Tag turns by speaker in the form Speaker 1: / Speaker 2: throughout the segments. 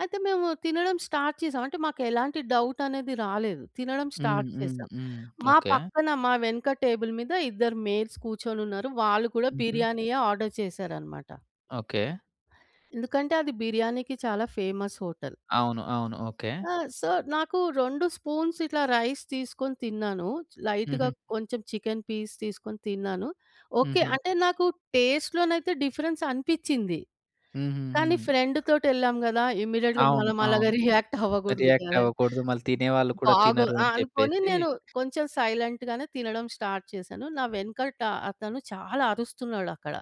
Speaker 1: అయితే మేము తినడం స్టార్ట్ చేసాం. అంటే మాకు ఎలాంటి డౌట్ అనేది రాలేదు. తినడం
Speaker 2: హ్మ్.
Speaker 1: స్టార్ట్
Speaker 2: హ్మ్.
Speaker 1: చేసాం.
Speaker 2: హ్మ్.
Speaker 1: మా
Speaker 2: ఓకే.
Speaker 1: పక్కన, మా వెనక టేబుల్ మీద ఇద్దరు మేల్స్ కూర్చొనున్నారు. వాళ్ళు కూడా
Speaker 2: హుహు.
Speaker 1: బిర్యానీయే ఆర్డర్ చేసారనమాట.
Speaker 2: ఓకే.
Speaker 1: ఎందుకంటే, అది బిర్యానీకి చాలా ఫేమస్ హోటల్.
Speaker 2: అవును. అవును. ఓకే.
Speaker 1: ఆ! సో, నాకు 2 స్పూన్స్ ఇట్లా రైస్ తీసుకొని తిన్నాను. లైట్‌గా
Speaker 2: హుహు.
Speaker 1: కొంచెం చికెన్ పీస్ తీసుకొని తిన్నాను. ఓకే.
Speaker 2: హుహు.
Speaker 1: అంటే నాకు టేస్ట్‌లోనైతే డిఫరెన్స్ అనిపిచ్చింది. కానీ,
Speaker 2: హుహుహు.
Speaker 1: ఫ్రెండ్ తోటెళ్ళాం గదా! ఇమ్మీడియేట్‌గా
Speaker 2: అవును.
Speaker 1: మనం అలాగా
Speaker 2: అవును.
Speaker 1: రియాక్ట్ అవ్వగూడదు
Speaker 2: రియాక్ట్
Speaker 1: గదా!
Speaker 2: అవ్వకూడదు. మళ్ళీ తినేవాళ్ళు కూడా
Speaker 1: బాగో
Speaker 2: తినరు
Speaker 1: ఆ!
Speaker 2: అని
Speaker 1: అనుకోని
Speaker 2: చెప్పేసి
Speaker 1: నేను కొంచెం సైలెంట్‌గానే తినడం స్టార్ట్ చేశాను. నా వెనకట అతను చాలా అరుస్తున్నాడక్కడ.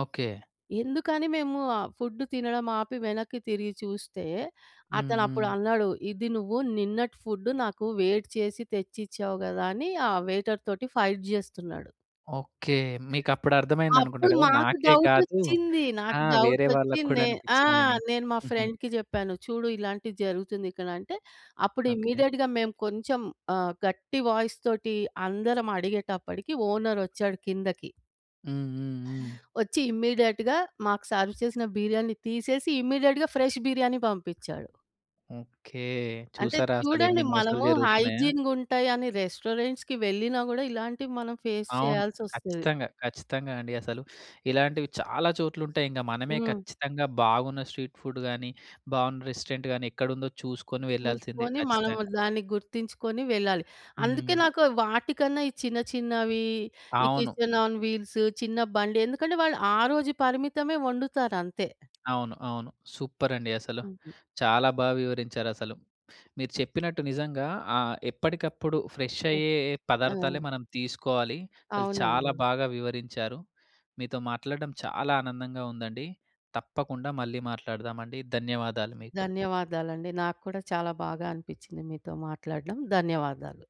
Speaker 2: ఓకే.
Speaker 1: ఎందుకని మేము ఆహ్, ఫుడ్ తినడం ఆపి వెనక్కి తిరిగి చూస్తే,
Speaker 2: హ్మ్.
Speaker 1: అతను అప్పుడు
Speaker 2: హ్మ్.
Speaker 1: అన్నాడు. ఇది నువ్వు నిన్నటి ఫుడ్ నాకు వేడి చేసి తెచ్చిచ్చావు గదా! అని ఆ వెయిటర్ తోటి ఫైట్ జేస్తున్నాడు.
Speaker 2: ఓకే. మీకప్పుడు అర్థమైందనుకుంటా
Speaker 1: అప్పుడు
Speaker 2: గదా!
Speaker 1: మాకు
Speaker 2: నాకే కాదు
Speaker 1: డౌటొచ్చింది.
Speaker 2: ఆ!
Speaker 1: నాకు డౌట్
Speaker 2: వేరే
Speaker 1: ఒచ్చి,
Speaker 2: వాళ్ళకి కూడా
Speaker 1: నే ఆ!
Speaker 2: అనిపిచ్చిందని.
Speaker 1: నేను మా
Speaker 2: హుహు.
Speaker 1: ఫ్రెండ్‌కి జెప్పాను. చూడు ఇలాంటిది జరుగుతుంది ఇక్కడంటే, అప్పుడు
Speaker 2: ఓకే.
Speaker 1: ఇమ్మీడియేట్‌గా మేము కొంచెం ఆహ్, గట్టి వాయిస్ తోటి అందరం అడిగేటప్పడికి, ఓనర్ ఒచ్చాడు కిందకి.
Speaker 2: హ్మ్. హ్మ్. హ్మ్.
Speaker 1: ఒచ్చి ఇమ్మీడియేట్‌గా మాకు సర్వ్ చేసిన బిర్యానీ తీసేసి ఇమ్మీడియేట్‌గా ఫ్రెష్ బిర్యానీ బంపిచ్చాడు.
Speaker 2: ఓకే.
Speaker 1: అంటే
Speaker 2: చూసారా?
Speaker 1: చూడండి
Speaker 2: అసలెన్ని మోసాలు
Speaker 1: మనము
Speaker 2: జరుగుతున్నాయో?
Speaker 1: హైజీన్‌గుంటాయి అని రెస్టారెంట్స్‌కి వెళ్ళినా గూడా, ఇలాంటివి మనం ఫేస్
Speaker 2: అవును.
Speaker 1: చేయాల్సొస్తది.
Speaker 2: ఖచ్చితంగా. ఖచ్చితంగా అండి అసలు. ఇలాంటివి చాలా చోట్లుంటాయింగ, మనమే
Speaker 1: హ్మ్.
Speaker 2: ఖచ్చితంగా బాగున్న స్ట్రీట్ ఫుడ్ గాని, బాగున్న రెస్టారెంట్‌గాని ఎక్కడుందో చూసుకొని వెళ్ళాల్సిందే
Speaker 1: చూసుకొని మనము
Speaker 2: ఖచ్చితంగా.
Speaker 1: దాన్ని గుర్తించుకొని వెళ్ళాలి. అందుకే
Speaker 2: హ్మ్.
Speaker 1: నాకు వాటికన్నా ఈ చిన్న చిన్నవి, ఈ
Speaker 2: అవును.
Speaker 1: కిచెన్ ఆన్ వీల్స్ చిన్న బండి. ఎందుకంటే, వాళ్ళు ఆ రోజు పరిమితమే వండుతారంతే.
Speaker 2: అవును. అవును. సూపరండి అసలు.
Speaker 1: హుహు.
Speaker 2: చాలా బా వివరించారసలు. మీరు చెప్పినట్టు నిజంగా ఆహ్, ఎప్పటికప్పుడు ఫ్రెష్
Speaker 1: ఆహ్,
Speaker 2: అయ్యే పదార్థాలే
Speaker 1: ఆ!
Speaker 2: మనం తీసుకోవాలి. అసలు చాలా
Speaker 1: అవునండి.
Speaker 2: బాగా వివరించారు. మీతో మాట్లాడడం చాలా ఆనందంగా ఉందండి. తప్పకుండా మళ్ళీ మాట్లాడదామండి. ధన్యవాదాలు మీకు.
Speaker 1: ధన్యవాదాలండి. నాకు కూడా చాలా బాగా అనిపిచ్చింది మీతో మాట్లాడడం. ధన్యవాదాలు.